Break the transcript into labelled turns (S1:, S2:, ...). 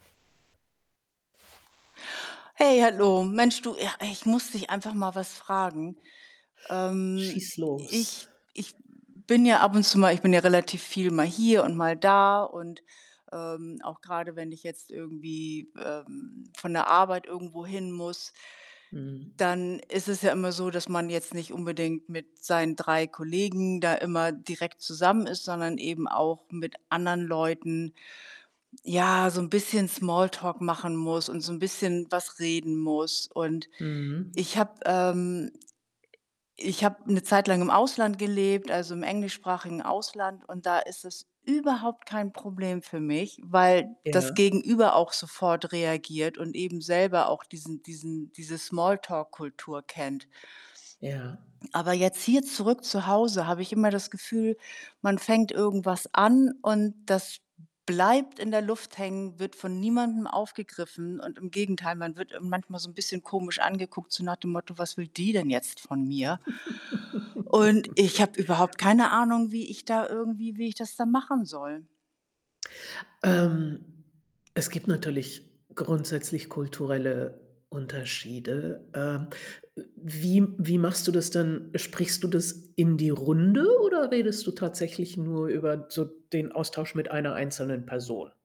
S1: Hey, hallo. Mensch, du, ja, ich muss dich einfach mal was fragen. Ähm,
S2: Schieß los.
S1: ich ich bin ja ab und zu mal ich bin ja relativ viel mal hier und mal da. Und, ähm, auch grade, wenn ich jetzt irgendwie, ähm, von der Arbeit irgendwo hin muss
S2: Mhm.
S1: dann ist es ja immer so, dass man jetzt nicht unbedingt mit seinen 3 Kollegen da immer direkt zusammen ist, sondern eben auch mit anderen Leuten, ja, so 'n bisschen Smalltalk machen muss und so 'n bisschen was reden muss. Und ich
S2: Mhm.
S1: habe, ähm ich habe 'ne Zeit lang im Ausland gelebt, also, im englischsprachigen Ausland. Und da ist es überhaupt kein Problem für mich, weil das
S2: Ja.
S1: Gegenüber auch sofort reagiert und eben selber auch diesen diesen diese Smalltalk-Kultur kennt.
S2: Ja.
S1: Aber jetzt hier zurück zu Hause habe ich immer das Gefühl, man fängt irgendwas an und das bleibt in der Luft hängen, wird von niemandem aufgegriffen. Und im Gegenteil, man wird, äh, manchmal so 'n bisschen komisch angeguckt, so nach dem Motto: „Was will die denn jetzt von mir?“ und ich habe überhaupt keine Ahnung, wie ich da irgendwie wie ich das dann machen soll.
S2: Ähm, es gibt natürlich grundsätzlich kulturelle Unterschiede. Ähm, äh, wie wie machst du das dann? Sprichst du das in die Runde oder redest du tatsächlich nur über so den Austausch mit einer einzelnen Person?